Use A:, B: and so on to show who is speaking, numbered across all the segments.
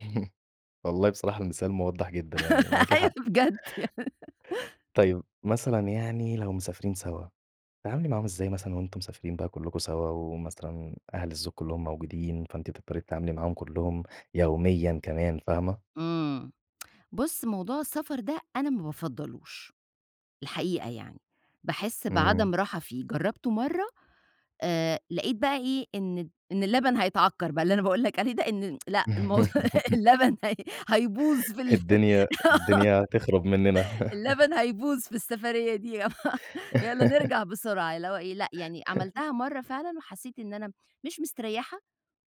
A: والله بصراحة المثال موضح جدًا، يعني معاكِ
B: أيوه
A: حق.
B: بجد
A: طيب مثلًا يعني لو مسافرين سوا، بتتعاملي معاهم إزاي مثلًا وأنتم مسافرين بقى كلكم سوا، ومثلًا أهل الزوج كلهم موجودين، فأنتِ تضطري تتعاملي معاهم كلهم يوميًا كمان، فاهمة؟
B: إمم بُص موضوع السفر ده أنا ما بافضلوش، الحقيقة يعني، باحس بعدم
A: امم.
B: راحة فيه، جربته مرّة، آآ لاقيت بقى إيه إن الد إن اللبن هيتعكر بقى، اللي أنا باقول لك عليه ده، إن لأ الموضوع اللبن هَيْ هَيْبوظ في ال
A: الدنيا
B: آه
A: الدنيا هتخرب مننا
B: اللبن هيبوظ في السفرية دي آه، يالّا نرجع بسرعة اللي هو إيه لأ، يعني عملتها مرة فعلًا وحسيت إن أنا مش مستريحة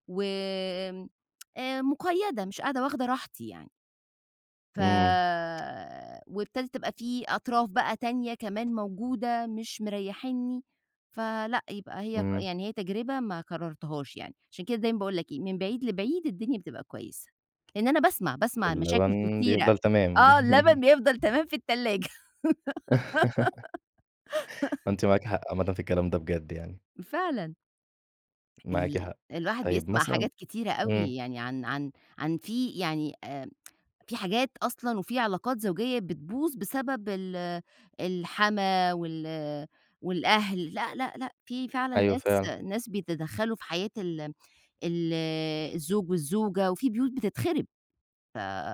B: وآمم آآ مقيدة مش قاعدة واخده راحتي يعني. فَ
A: امم.
B: وابتدت تبقى في أطراف بقى تانية كمان موجودة مش مريحينني، فَلأ يبقى هي
A: امم.
B: يعني هي تجربة ما كررتهاش يعني. عشان كده دايمًا باقول لك إيه، من بعيد لبعيد الدنيا بتبقى كويسة. لإن أنا باسمع، باسمع مشاكل
A: واللبن
B: كتيرة
A: بيفضل تمام
B: آه اللبن بيفضل تمام في التلاجة
A: فأنتِ معاكِ حق عامةً في الكلام ده بجد يعني.
B: فعلًا.
A: معاكِ
B: ال
A: حق،
B: الواحد
A: طيب
B: بيسمع
A: مثلًا
B: حاجات كتيرة
A: امم.
B: أوي، يعني عن عن عن في يعني، آآ، في حاجات أصلًا وفي علاقات زوجية بتبوظ بسبب ال الحَمَاة وال والأهل لأ، لأ، لأ في فعلًا
A: أيوه
B: ناس،
A: فعلًا.
B: ناس بيتدخلوا في حياة ال ال الزوج والزوجة، في بيوت بتتخرب. ف